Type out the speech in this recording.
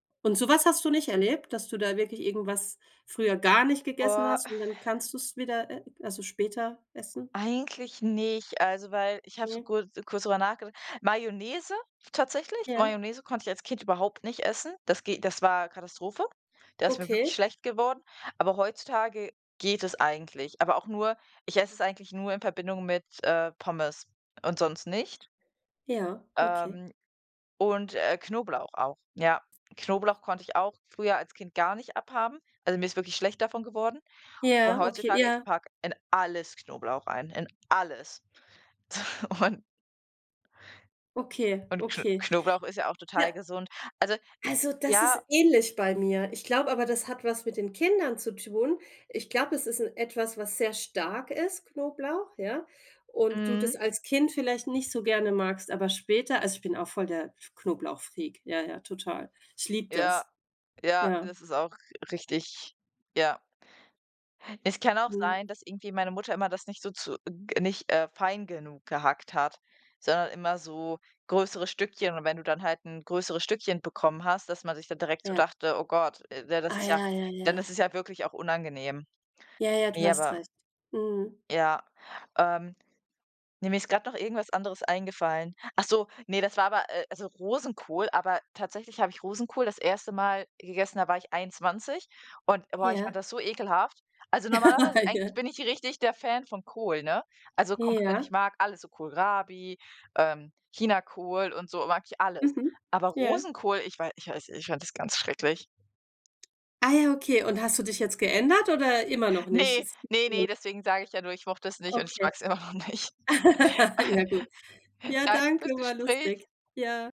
Und so was hast du nicht erlebt, dass du da wirklich irgendwas früher gar nicht gegessen Boah hast und dann kannst du's wieder e also später essen? Eigentlich nicht, also, weil ich habe so Mhm. kurz kurz drüber nachgedacht Mayonnaise tatsächlich, Ja. Mayonnaise konnte ich als Kind überhaupt nicht essen das ge das war Katastrophe, da ist mir wirklich Okay. schlecht geworden, aber heutzutage geht es eigentlich, aber auch nur ich esse es eigentlich nur in Verbindung mit, äh, Pommes und sonst nicht. Ja, okay. Ähm, und, äh, Knoblauch auch, ja. Knoblauch konnte ich auch früher als Kind gar nicht abhaben, also mir ist wirklich schlecht davon geworden, und Ja, okay, heutzutage, ich ja. packe in alles Knoblauch rein, in alles. Und Okay, und Kn okay. Knoblauch ist ja auch Ja. total gesund. Also, Also, das ist ja ähnlich bei mir. Ich glaube aber, das hat was mit den Kindern zu tun. Ich glaube, es ist 'n etwas, was sehr stark ist, Knoblauch, ja, und du Mhm. das als Kind vielleicht nicht so gerne magst, aber später also, ich bin auch voll der Knoblauchfreak. Ja, ja, total. Ich liebe Ja, das. ja, Ja. das ist auch richtig, ja. Es kann auch Mhm. sein, dass irgendwie meine Mutter immer das nicht so zu ge nicht, äh, fein genug gehackt hat, sondern immer so größere Stückchen, und wenn du dann halt 'n größeres Stückchen bekommen hast, dass man sich dann direkt so Ja. dachte: „Oh Gott, äh, de das Ah, ist ja” ja, ja, dann ist ja. es ja wirklich auch unangenehm. Ja, ja, du Ne, hast aber recht. Mhm. ja, ähm, ne, mir ist grad noch irgendwas anderes eingefallen. Ach so, ne, das war aber äh, also Rosenkohl, aber tatsächlich habe ich Rosenkohl das 1. Mal gegessen, da war ich 21 und, boah, ich Ja. fand das so ekelhaft also normalerweise Ja. eigentlich bin ich richtig der Fan von Kohl, ne, also komplett, ich Ja. mag alles so Kohlrabi, ähm, Chinakohl und so mag ich alles, Mhm. aber Ja. Rosenkohl, ich wei ich weiß ich fand das ganz schrecklich. Ah, ja, okay. Und hast du dich jetzt geändert oder immer noch nicht? Ne, ne, [unintelligible] ne, deswegen sage ich ja nur: „Ich mochte es nicht und ich Okay. mag's immer noch nicht.” Ja, gut. Ja, Danke danke, fürs war Gespräch. lustig. Ja.